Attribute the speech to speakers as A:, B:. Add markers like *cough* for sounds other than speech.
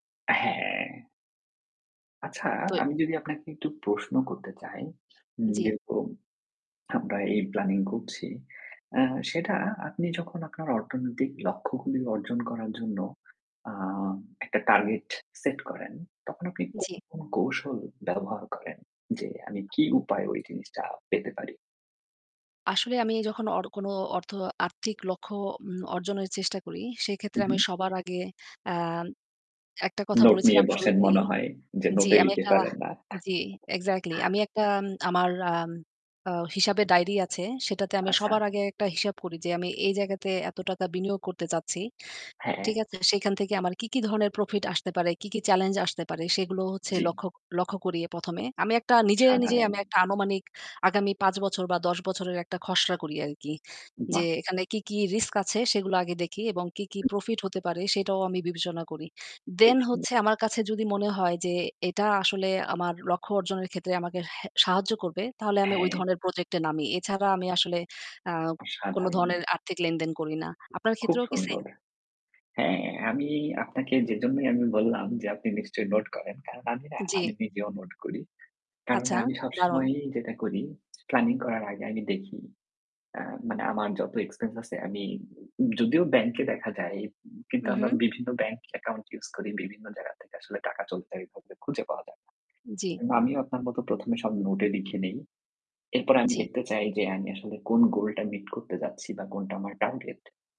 A: হ্যাঁ। আচ্ছা,
B: তোই
A: আমি যদি আপনাকে একটু প্রশ্ন করতে চাই, উম
B: জ্বী।
A: যেহেতু আমরা এই প্ল্যানিং করছি, এ্যা সেটা আপনি যখন আপনার অর্থনৈতিক লক্ষ্যগুলি অর্জন করার জন্য অ্যাঁ একটা টার্গেট সেট করেন তখন আপনি কোন,
B: জী।
A: কোন কৌশল ব্যবহার করেন? যে আমি কী উপায়ে ওই জিনিসটা পেতে পারি?
B: আসলে আমি যখন অর কোন অর্থ আর্থিক লক্ষ্য উম অর্জনের চেষ্টা করি সেক্ষেত্রে আমি
A: উম-হুম।
B: সবার আগে অ্যাঁম একটা কথা
A: নোট নিয়ে
B: বলেছিলাম
A: বসেন
B: শুরুতেই
A: মনে হয়। যে
B: জি।
A: নোটে
B: আমি
A: লিখে
B: একটা
A: ফেলেন। না?
B: জি, এক্সাক্টলি।
A: *chuckles*
B: আমি একটা উম আমার আম অ্যাঁ হিসাবের ডায়রি আছে সেটাতে আমি সবার
A: আচ্ছা।
B: আগে একটা হিসাব করি যে আমি এই জায়গাতে এত টাকা বিনিয়োগ করতে চাচ্ছি।
A: হ্যাঁ।
B: ঠিক আছে? সেখান থেকে আমার কি, কি ধরনের প্রফিট আসতে পারে? কি, কি চ্যালেঞ্জ আসতে পারে? সেগুলো হচ্ছে
A: জ্বি।
B: লক্ষ্য, লক্ষ্য করি ১ম এ। আমি একটা নিজে, নিজেই
A: সাধারণ।
B: আমি একটা আনুমানিক আগামী ৫ বছর বা ১০ বছরের একটা খসড়া করি আরকি। যে
A: বাহ!
B: এখানে কি, কি রিস্ক আছে? সেগুলো আগে দেখি এবং কি, কি
A: হুম।
B: প্রফিট হতে পারে? সেটাও আমি বিবেচনা করি।
A: খুব
B: দেন
A: সুন্দর।
B: হচ্ছে আমার কাছে যদি মনে হয় যে এটা আসলে আমার লক্ষ্য অর্জনের ক্ষেত্রে আমাকে হে সাহায্য করবে, তাহলে আমি ওই
A: হ্যাঁ।
B: ধরনের প্রজেক্টে নামি। এছাড়া আমি আসলে অ্যাঁ কোন
A: অসাধারণ!
B: ধরনের আর্থিক লেনদেন করি না। আপনার
A: খুব
B: ক্ষেত্রেও কি সেম?
A: সুন্দর। হ্যাঁ, আমি আপনাকে যেজন্যই আমি বললাম, যে আপনি নিশ্চয়ই নোট করেন। কারণ আমি না আমি
B: জী।
A: নিজেও নোট করি। কারণ
B: আচ্ছা,
A: আমি
B: দারুণ!
A: সবসময়ই যেটা করি প্ল্যানিং করার আগে আমি দেখি অ্যাঁ মানে আমার যত এক্সপেন্স আছে আমি যদিও ব্যাংকে দেখা যায় কিন্তু আমরা
B: উম-হুম।
A: বিভিন্ন ব্যাংক অ্যাকাউন্ট ইউজ করি। বিভিন্ন জায়গা থেকে আসলে টাকাটা *unintelligible* খুঁজে পাওয়া যায় না।
B: জ্বী।
A: এজন্য আমিও আপনার মতো ১ম এ সব নোটে লিখে নেই। এরপর আমি
B: জ্বি।
A: দেখতে চাই যে আমি আসলে কোন গোল টা মিট করতে যাচ্ছি বা কোনটা আমার টার্গেট?